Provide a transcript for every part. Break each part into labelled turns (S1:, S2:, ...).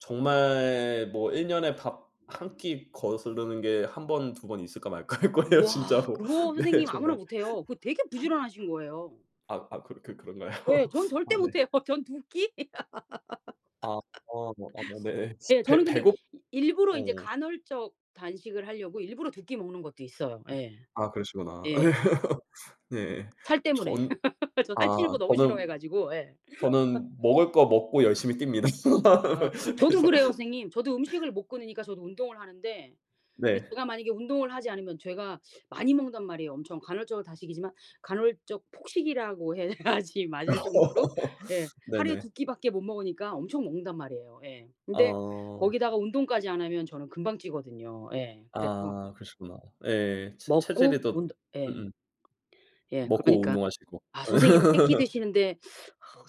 S1: 정말 뭐 1 년에 밥 1 끼 거스르는 게 1 번, 2 번 있을까 말까 할 거예요,
S2: 우와.
S1: 진짜로.
S2: 그거
S1: 네
S2: 선생님 아무나
S1: 정말.
S2: 못 해요. 그거 되게 부지런하신 거예요.
S1: 아 아. 그 그 그런가요?
S2: 예 전 절대
S1: 아
S2: 못
S1: 네.
S2: 해요. 전 2 끼?
S1: 아 아. 아 뭐 네.
S2: 예 저는
S1: 배
S2: 근데
S1: 배고
S2: 이 일부러 인제
S1: 어.
S2: 간헐적 단식을 하려고 일부러 2 끼 먹는 것도 있어요. 예.
S1: 아 그러시구나.
S2: 예예.
S1: 네.
S2: 살 때문에
S1: 전
S2: 저
S1: 아
S2: 살찌는 거 너무 싫어해
S1: 저는
S2: 가지고. 예.
S1: 저는 먹을 거 먹고 열심히 뜁니다,
S2: 아 저도
S1: 그래서.
S2: 그래요, 선생님. 저도 음식을 못 끊으니까 저도 운동을 하는데 근데
S1: 네.
S2: 제가 만약에 운동을 하지 않으면 제가 많이 먹는단 말이에요. 엄청 간헐적 단식이지만 간헐적 폭식이라고 해야지 맞을 정도로 예 하루에
S1: 네네.
S2: 2 끼밖에 못 먹으니까 엄청 먹는단 말이에요. 예. 근데
S1: 어.
S2: 거기다가 운동까지 안 하면 저는 금방 찌거든요. 예 그래서
S1: 아 그러시구나. 예예 체
S2: 먹고
S1: 체질에도
S2: 운동 예.
S1: 음음.
S2: 예
S1: 먹고
S2: 그러니까
S1: 운동하시고.
S2: 아 선생님은 3 끼 드시는데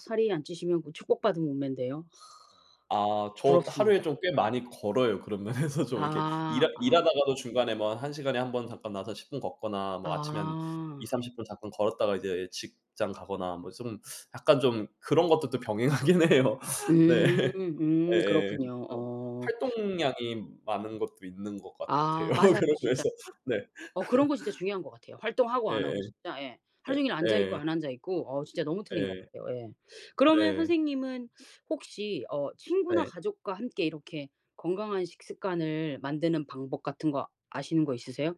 S2: 살이 안 찌시면 그 축복받은 몸매인데요. 하
S1: 아. 저 하루에
S2: 부럽습니다.
S1: 좀 꽤 많이 걸어요. 그런 면에서 좀 이렇게 일하
S2: 아. 아.
S1: 일하다가도 중간에 뭐 1 시간에 1 번 잠깐 나와서 10 분 걷거나 뭐 아침에 한
S2: 아.
S1: 2-30 분 잠깐 걸었다가 이제 직장 가거나 뭐 좀 약간 좀 그런 것도 또 병행하긴 해요. 네.
S2: 음. 음
S1: 예예예
S2: 그렇군요.
S1: 좀
S2: 어.
S1: 활동량이 많은 것도 있는 것 같아요,
S2: 아 맞아요,
S1: 그런
S2: 진짜.
S1: 면에서. 네.
S2: 어 그런 거 진짜 중요한 것 같아요. 활동하고 안
S1: 예예.
S2: 하고 진짜. 예. 하루
S1: 예
S2: 종일 앉아있고
S1: 예예.
S2: 안 앉아있고 어 진짜 너무 틀린 것
S1: 예.
S2: 같아요. 예. 그러면
S1: 네.
S2: 선생님은 혹시 어 친구나
S1: 예.
S2: 가족과 함께 이렇게 건강한 식습관을 만드는 방법 같은 거 아시는 거 있으세요?